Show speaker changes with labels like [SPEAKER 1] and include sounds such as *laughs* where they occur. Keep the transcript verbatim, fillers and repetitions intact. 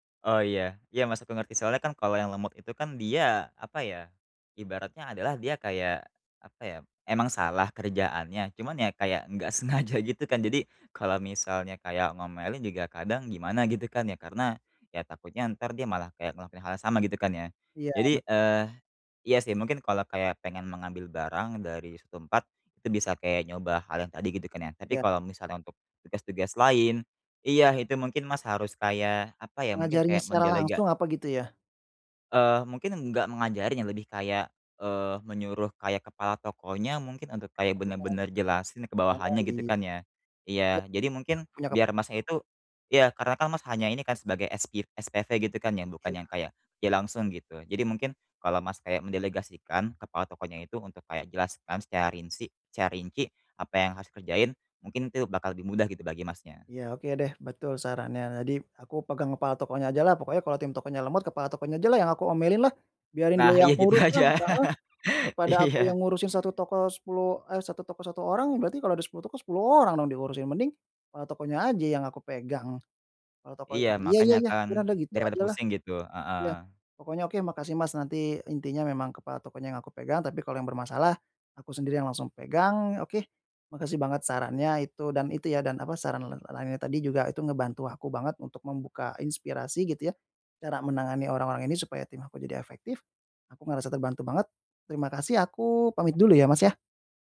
[SPEAKER 1] Oh iya, iya maksudku ngerti soalnya, kan, kalau yang lemot itu, kan, dia apa, ya, ibaratnya adalah dia kayak apa, ya, emang salah kerjaannya, cuman, ya, kayak enggak sengaja gitu kan jadi kalau misalnya kayak ngomelin juga kadang gimana gitu, kan, ya, karena, ya, takutnya ntar dia malah kayak ngelakuin hal yang sama gitu, kan, ya.
[SPEAKER 2] Iya
[SPEAKER 1] Jadi,
[SPEAKER 2] bet
[SPEAKER 1] eee, iya sih mungkin kalau kayak pengen mengambil barang dari su tempat itu bisa kayak nyoba hal yang tadi gitu, kan, ya, tapi
[SPEAKER 2] Iya.
[SPEAKER 1] kalau misalnya untuk tugas-tugas lain iya, itu mungkin, Mas, harus kayak apa, ya, mungkin
[SPEAKER 2] Mengajarinya
[SPEAKER 1] kayak
[SPEAKER 2] secara
[SPEAKER 1] mendelega
[SPEAKER 2] langsung apa gitu, ya?
[SPEAKER 1] Eee, mungkin enggak mengajarin, ya, lebih kayak, eee, menyuruh kayak kepala tokonya mungkin untuk kayak
[SPEAKER 2] Pertukaran
[SPEAKER 1] bener-bener jelasin ke
[SPEAKER 2] oh,
[SPEAKER 1] bawahannya gitu,
[SPEAKER 2] iya.
[SPEAKER 1] kan, ya.
[SPEAKER 2] Ya,
[SPEAKER 1] Iya, jadi mungkin
[SPEAKER 2] heeh, punya
[SPEAKER 1] biar
[SPEAKER 2] kepala
[SPEAKER 1] Masnya
[SPEAKER 2] toko, kok.
[SPEAKER 1] itu iya, karena, kan, Mas hanya ini, kan, sebagai espiv SPV gitu, kan, ya, bukan
[SPEAKER 2] Iya.
[SPEAKER 1] yang kayak, ya, langsung gitu. Jadi mungkin kalau, Mas, kayak mendelegasikan kepala tokonya itu untuk kayak jelaskan secara rinsi ca rinci apa yang harus dikerjain, mungkin itu bakal lebih mudah gitu bagi Masnya.
[SPEAKER 2] Ya, oke, deh, betul sarannya tadi aku pegang kepala tokonya ajalah pokoknya kalau tim tokonya lemot kepala tokonya ajalah yang aku omelinlah, biarin
[SPEAKER 1] Nah
[SPEAKER 2] dia
[SPEAKER 1] iya
[SPEAKER 2] yang
[SPEAKER 1] gitu
[SPEAKER 2] uruslah,
[SPEAKER 1] aja.
[SPEAKER 2] heeh.
[SPEAKER 1] *laughs*
[SPEAKER 2] Daripada aku yang
[SPEAKER 1] Iya.
[SPEAKER 2] ngurusin satu toko sepuluh, eee, satu toko satu orang berarti kalau ada sepuluh toko sepuluh orang dong diurusin, mending, eee, tokonya aja yang aku pegang, kalau toko ini
[SPEAKER 1] Iya
[SPEAKER 2] iya iya
[SPEAKER 1] makanya,
[SPEAKER 2] iya
[SPEAKER 1] kan,
[SPEAKER 2] piranda gitu
[SPEAKER 1] daripada
[SPEAKER 2] ajalah,
[SPEAKER 1] pusing gitu.
[SPEAKER 2] ya,
[SPEAKER 1] Heeh.
[SPEAKER 2] pokoknya oke makasih, Mas, nanti intinya memang kepada tokonya yang aku pegang tapi kalau yang bermasalah aku sendiri yang langsung pegang, oke, makasih banget sarannya itu dan itu, ya, dan apa saran la la lainnya tadi juga itu ngebantu aku banget untuk membuka inspirasi gitu, ya, cara menangani orang-orang ini supaya tim aku jadi efektif, aku ngerasa terbantu banget terima kasih aku pamit dulu, ya, Mas, ya.